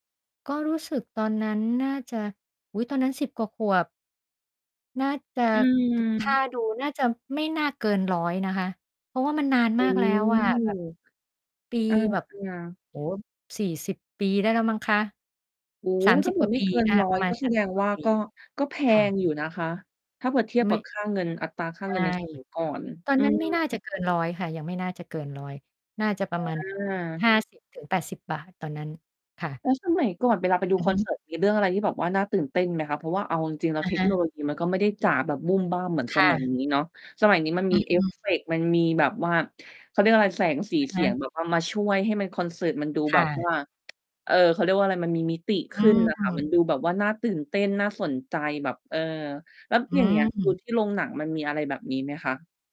ก็รู้สึกตอนนั้นน่าจะ อุ๊ย ตอนนั้น 10 กว่าขวบ น่าจะ อืคม ่าดูน่าจะ ไม่น่าเกิน 100 นะคะ เพราะว่ามันนานโอมา้ กแล้วอะ มันเหมือนแบบ ปีอา แบบ ๆ โอ้โฮ 40 ปีได้แล้วมั้งคะ โอ้โฮ สามถส้ิาบ เผืก่ว่อาไมป่ี เกิน อา ร้อปรย ะมากณ ็แสสามดสิงบ กว่วา่า ปี ก็ ก็แพค่งะ อยู่นะคะ ถ้าเผื่อเทียบไมก่ ับ ค่า เงิน อัตราค่าใชเงิน ่ ในสมัยก่อน ตอนอืนั้นไม่ม น่า จะเกิน 100 ค่ะ ยังไม่น่าจะเกิน 100 น่าจะปรอะมาณ า 50 ถึง 80 บาท ตอนนั้น ค่ะ แล้วสมัยก่อนเวลาไปดูอือคอฮนึ เสิร์ต มีเรื่องอะไรที่แบบว่าน่าตื่นเต้นไหมคะ? เพราะว่าเอาจริง ๆ แล้วอะเทฮคโนะ โลยีมันก็ไม่ได้จ๋าแบบบู้มบ้ามเหมือนคส่มัยะ นี้เนาะ สมัยนี้มันอมีเอฟืม เฟกต์ มันมีแบบว่า เขาเรียกว่าอะไร แสง สี อะเฮสียง ะ แบบว่ามาช่วยให้มัน คอนเสิร์ตมันดูคแบ่บะ ว่า เออ เขาเรียกว่าอะไร มันมีมิติขอืึ้นม น่ะค่ะ มันดูแบบว่า น่าตื่นเต้น น่าสนใจแบบ เออ แล้วออย่างเงี้ย ดูืม ที่โรงหนังมันมีอะไรแบบนี้ไหมคะ?